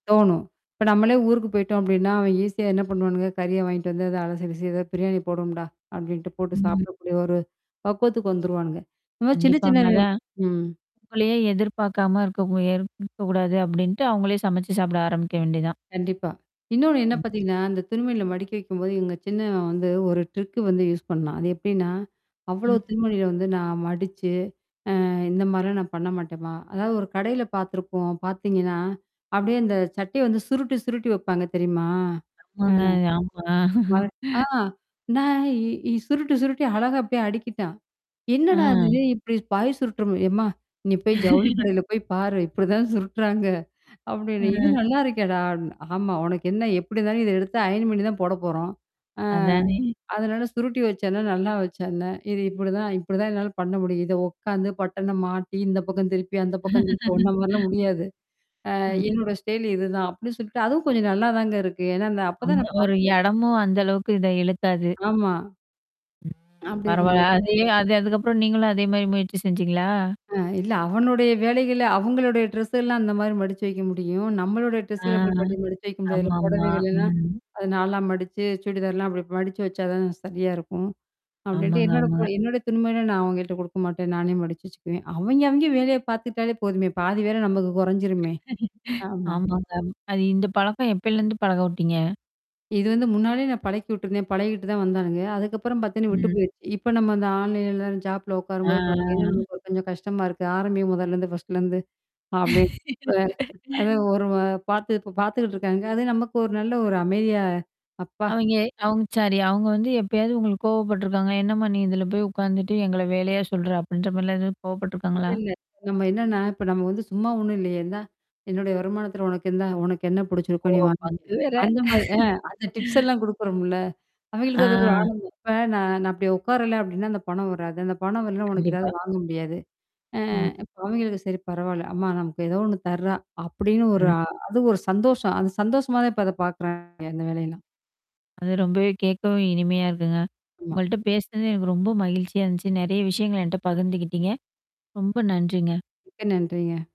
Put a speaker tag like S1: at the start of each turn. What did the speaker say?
S1: தோணும். இப்ப நம்மளே ஊருக்கு போய்ட்டோம் அப்டின்னா, அவன் ஈஸியா என்னா பண்ணுவானுங்க? கறிய வாங்கிட்டு வந்து அத அலசி, கிலசி "ஏதாவாது பிரியாணி போடுவம்டா!"அப்டின்ட்டு போட்டு
S2: ம்.
S1: சாப்பிடக்கூடிய ஒரு பக்குவத்துக்கு வந்துருவானுங்க. இதுமாரி சின்ன சின்ன
S2: கண்டிப்பாங்க.
S1: வி
S2: அதான்.
S1: ம்,
S2: உங்களையே எதிர்பாக்காம இருக்க முயற் இருக்கக்கூடாது அப்டீன்ட்டு அவுங்களே சமைச்சு சாப்பிட ஆரம்பிக்க வேண்டியதான்.
S1: கண்டிப்பா. இன்னொன்னு என்னா
S2: ம்.
S1: பாத்தீங்கன்னா, அந்த துணிமணிகள மடிக்க வைக்கும்போது, இவுங்க சின்னவன் வந்து ஒரு ட்ரிக்கு வந்து யூஸ் பண்ணான். அது எப்டின்னா, அவ்வளோ
S2: ம்.
S1: துணிமணிகள வந்து நான் மடிச்சு. அ இந்த மாரிலாம் நான் பண்ண மாட்டேன்மா அதாவது ஒரு கடையில பாத்துருப்போம் பாத்தீங்கன்னா, அப்படியே அந்த சட்டைய வந்து சுருட்டி சுருட்டி வப்பாங்க தெரியுமா? ஆ
S2: ஆமாங்க ஆமா
S1: அவன் ஆ நான் இ இ சுருட்டி சுருட்டி அழகா அப்படியே அடுக்கிட்டான். "என்னாடா இது?
S2: ஆ.
S1: இப்படி பாய சுருற்றமாரி" "எம்மா? நீ போய், ஜவுளி கடையில போய் பாரு! இப்படிதான் சுருடறாங்க அப்படின்னு. "இது
S2: ம்.
S1: நல்லா இருக்கேடா?" அப்டின்னேன் "ஆமா உனக்கு என்னா எப்படி தான் இத எடுத்து அயன் பண்ணீ தான் போட போறோம், ஆ.
S2: அதானே.
S1: அதனால சுருட்டி வச்சா என்னா? நல்லா வச்சா என்னா? இது இப்படிதான் இப்படிதான் என்னால பண்ண முடியும். இத உக்காந்து, பட்டன மாட்டி இந்த பக்கம் திருப்பி, அந்த பக்கம் திருப்பி ஒன்ன மாரிலாம் முடியாது. அ
S2: ம்.
S1: என்னோட ஸ்டைலு இதுதான் அப்டின்னு சொல்லிட்டு அதுவும் கொஞ்சம் நல்லா தாங்க இருக்கு. ஏன்னா, இந்த அப்ப தான்
S2: ஆமா
S1: நான்
S2: ஒரு
S1: பாத்தேன்.
S2: இடமும் அந்த அளவுக்கு இத இழுத்தாது.
S1: ஆமா. அப்படி
S2: பரவால்ல.
S1: இருக்கும்போது.
S2: அதே அது அதுக்கப்புறம் நீங்களும் அதே மாரி முயற்சி செஞ்சீங்களா?
S1: அ இல்ல அவனுடைய வேலைகள அவுங்களுடைய ட்ரெஸ்ஸலாம் அந்த மாரி மடிச்சு வைக்க முடியும். நம்மளுடைய
S2: ஆ.
S1: ட்ரெஸ்கள அப்படி பண்ணி மடிச்சு வைக்க முடியாதுல்ல
S2: ஆமாமா.
S1: புடவைகள்லாம்
S2: ம்.
S1: அத 4ஆ மடிச்சு சுடிதார்லாம் அப்படி மடிச்சு வச்சா தான் சரியா இருக்கும். அப்டின்ட்டு
S2: ஆமாங்க
S1: என்னோடய புட
S2: ஆமாங்க.
S1: என்னோட துணிமணியலாம் நான் அவய்ங்கள்ட்ட குடுக்க மாட்டேன். நானே மடிச்சு வச்சுக்குவேன். அவய்ங்க அவய்ங்க வேலைய பாத்துக்ட்டாலே போதுமே! பாதி வேல நமக்கு கொறஞ்சிருமே. ஆமா.
S2: ஆமாங்க. அது இந்த பழக்கம் எப்பயிலேருந்து பழக உட்டீங்க?
S1: இது வந்து முன்னாடியே நான் பழக்கி விட்டுருந்தேன். பழகிட்டு தான் வந்தானுங்க. அதுக்கப்புறம் பாத்தீங்கன்னா, விட்டு
S2: ம்.
S1: போயிருச்சு. இப்ப நம்ம அந்த ஆன்லைன்ல ஜாப்ல உக்காரும்போது பாத்தீங்கன்னா,
S2: ஆ.
S1: நமக்கு ஒரு கொஞ்சம் கஷ்டமா இருக்கு. ஆரம்பி முதல்லேருந்து ஃபர்ஸ்ட்லேருந்து. அப்டீ இப்ப அத ஒரு வ பாத்து இப்ப பாத்துக்கிட்டு இருக்காங்க. அது நமக்கு ஒரு நல்ல ஒரு அமைதியா அப்பா
S2: அவய்ங்க அவுங்க சாரி அவங்க வந்து எப்பயாவது உங்களுக்கு கோவப்பட்டுருக்காங்க? என்னாம்மா நீ இதில போய் உக்காந்துட்டு, எங்கள வேலையா சொல்ற? அப்டின்ற மாரிலாம் எதாவது
S1: இல்ல
S2: கோவப்பட்ருக்காங்களா?
S1: இல்ல. நம்ம என்னான்னா இப்ப நம்ம வந்து சும்மா ஒண்ணும் இல்லையே? இந்தா! என்னுடைய வருமானத்தில உனக்கு இந்தா உனக்கு என்னா புடிச்சிருக்கோ
S2: ஓ!
S1: நீ வாங்கிக்க.
S2: பங்கு வேற.
S1: அந்த மாரி அ அந்த டிப்ஸ் எல்லாம் குடுக்கறோம்ல. அவய்ங்களுக்கு அது ஒரு
S2: ஆ.
S1: ஆனந்தம் இப்ப நான் நான் அப்டி உக்காரல, அப்டின்னா! அந்த பணம் வராது. அந்த பணம் வரலன்னா உனக்கு எதாவது
S2: கண்டிப்பா.
S1: வாங்க முடியாது. அ
S2: ம்.
S1: அவிங்களுக்கு "சரி பரவால்ல. அம்மா நமக்கு ஏதோ ஒண்ணு தர்ரா" அப்படின்னு ஒரு
S2: ம்.
S1: ஆ அது ஒரு சந்தோஷம். அந்த சந்தோஷமா தான் இப்ப அத பாக்குறாய்ன்ங்க அந்த வேலையெல்லாம்.
S2: அது ரொம்பவே கேக்கவே இனிமையா இருக்குங்க.
S1: ஆமா.
S2: உங்கள்ட்ட பேசனது எனக்கு ரொம்ப மகிழ்ச்சியா இருந்துச்சு. நெறையா விஷயங்கள என்ட்ட பகிர்ந்துகிட்டீங்க. ரொம்ப நன்றிங்க.
S1: மிக்க நன்றிங்க.